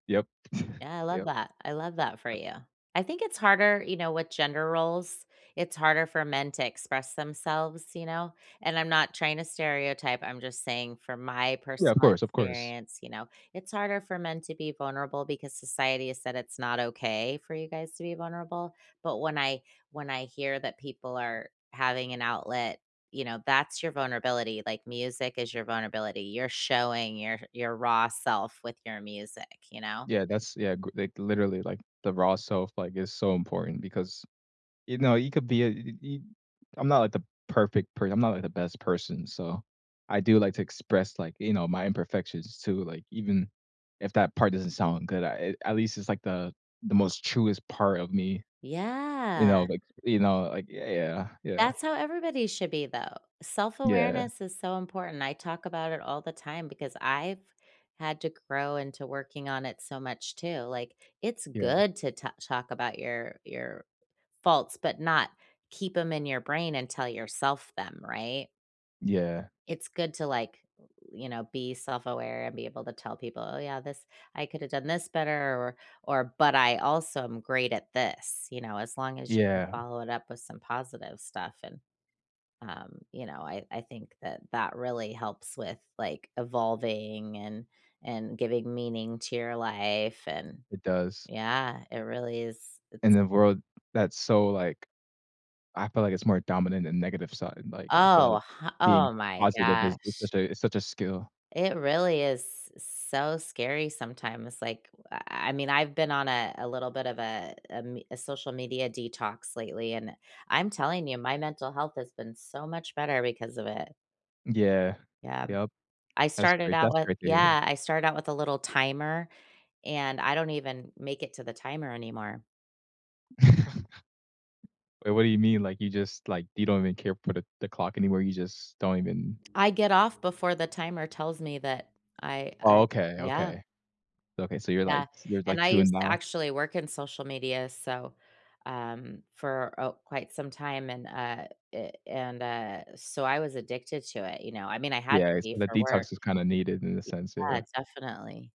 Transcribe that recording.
Yep. Yeah, I love Yep. that. I love that for Yep. you. I think it's harder, you know, with gender roles. It's harder for men to express themselves, you know, and I'm not trying to stereotype, I'm just saying from my Yeah, of personal course, of course. experience, you know, it's harder for men to be vulnerable because society has said it's not okay for you guys to be vulnerable, but when I when I hear that people are having an outlet, you know, that's your vulnerability, like, music is your vulnerability, you're showing your your raw self with your music, you know. Yeah, that's yeah, g like, literally, like, the raw self, like, is so important because, you know, you could be a [unintelligible] i I'm not, like, the perfect per I'm not, like, the best person so, I do like to express, like, you know, my imperfections too, like, even if that part doesn't sound good, I, eh, at least it's, like, the the most truest part of me, you know, Yeah. like, you know, like, yeah, yeah. Yeah. That's how everybody should be, though. Yeah. Self-awareness is so important. I talk about it all the time because I've had to grow into working on it so much, too, like, it's Yeah. good to ta talk about your your faults, but not keep 'em in your brain and tell yourself them, right? Yeah. It's good to, like, o u you know, be self-aware and be able to tell people, "Oh, yeah, this I could've done this better or or but I also am great at this." you know, as long as you can Yeah. follow it up with some positive stuff, and, um, you know, I I think that that really helps with, like, evolving and and giving meaning to your life, and It does. Yeah, it really is it's In a world that's so, like I feel, like, it's more dominant than negative side, like, I feel like Oh, h oh being my positive is is gosh! such a is such a skill. It really is s so scary sometimes, like, w uh, uh, I mean, I've been on a a little bit of a a m a social media detox lately, and I'm telling you, my mental health has been so much better because of it. Yeah, Yeah, m yep. I That's started great out that's with great to hear. Yeah, I started out with a little timer, and I don't even make it to the timer anymore. W what do you mean, like, you just, like, you don't even care put a the clock anywhere, you just don't even I get off before the timer tells me that I Oh, I'm okay, yeah. okay. Okay, so you're, Yeah, lights your's like, and I 2 and used to now? actually work in social media so, um, for a quite some time, and, uh, eh, and, uh, so I was addicted to it, you know, I mean, I had Yeah, to is so be the for work. detox is kinda needed in the sense, yeah. Yeah, definitely.